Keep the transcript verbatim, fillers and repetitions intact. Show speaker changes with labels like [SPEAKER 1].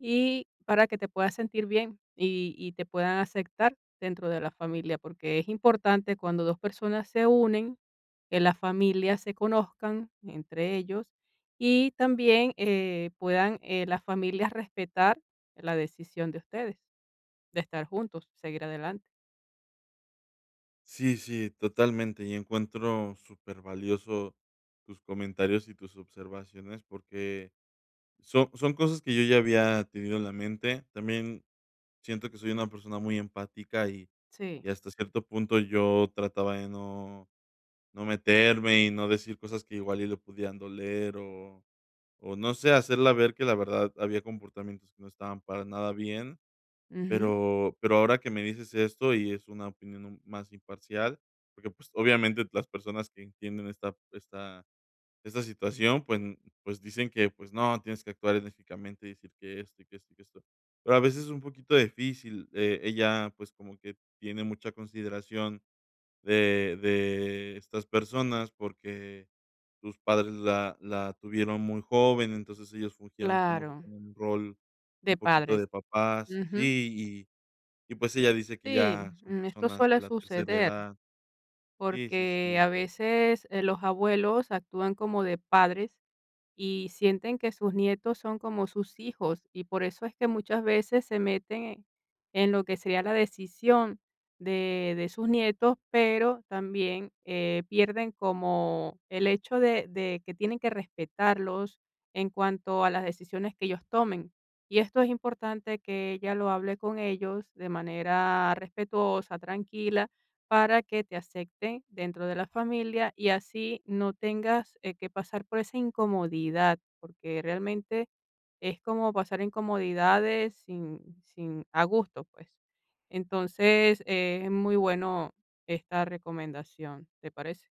[SPEAKER 1] Y, para que te puedas sentir bien, y y te puedan acectar dentro de la familia. Porque es importante, cuando dos personas se unen, que la familia se conozcan entre ellos, y también, eh, puedan, eh, las familias respetar, la decisión de ustedes. De estar juntos, seguir adelante.
[SPEAKER 2] Sí, sí, totalmente. Y encuentro, súper valioso tus comentarios y tus observaciones, porque son son cosas que yo, ya había tenido en la mente. También siento que soy una persona muy empática. Y
[SPEAKER 1] Sí.
[SPEAKER 2] y hasta cierto punto, yo trataba de no no meterme, y no decir cosas que igual, y le podían doler, o o no sé, hacerla ver, que la verdad, había comportamientos que no estaban para nada bien.
[SPEAKER 1] Ujú.
[SPEAKER 2] Pero pero ahora que me dices esto, y es una opinión un más imparcial. Porque, pues, obviamente, las personas que entienden esta esta esta situación, pues pues, dicen que: "Pues no, tienes que actuar enérgicamente, y decir que esto, y que esto, y que esto". Pero a veces, es un poquito difícil. Eh, ella, pues, como que tiene mucha consideración de de estas personas, porque sus padres la la tuvieron muy joven. Entonces, ellos fungieron como que
[SPEAKER 1] Claro.
[SPEAKER 2] con un rol,
[SPEAKER 1] De
[SPEAKER 2] un poquito
[SPEAKER 1] padres.
[SPEAKER 2] de papás.
[SPEAKER 1] Ujú.
[SPEAKER 2] Sí, y y pues, ella dice que
[SPEAKER 1] Sí,
[SPEAKER 2] ya son
[SPEAKER 1] mm, esto
[SPEAKER 2] personas
[SPEAKER 1] suele
[SPEAKER 2] de la tercera
[SPEAKER 1] suceder,
[SPEAKER 2] edad. Sí, sí,
[SPEAKER 1] porque
[SPEAKER 2] sí.
[SPEAKER 1] a veces eh, los abuelos actúan como de padres, y sienten que sus nietos son como sus hijos. Y por eso es que muchas veces se meten, en lo que sería la decisión de de sus nietos, pero, también, eh, pierden como el hecho de de que tienen que respetarlos, en cuanto a las decisiones que ellos tomen. Y esto es importante, que ella lo hable con ellos, de manera respetuosa, tranquila, para que te acecten dentro de la familia, y así no tengas, eh, que pasar por esa incomodidad. Porque realmente, es como pasar incomodidades, sin sin a gusto, pues, entonces, eh, es muy bueno esta recomendación, ¿te parece?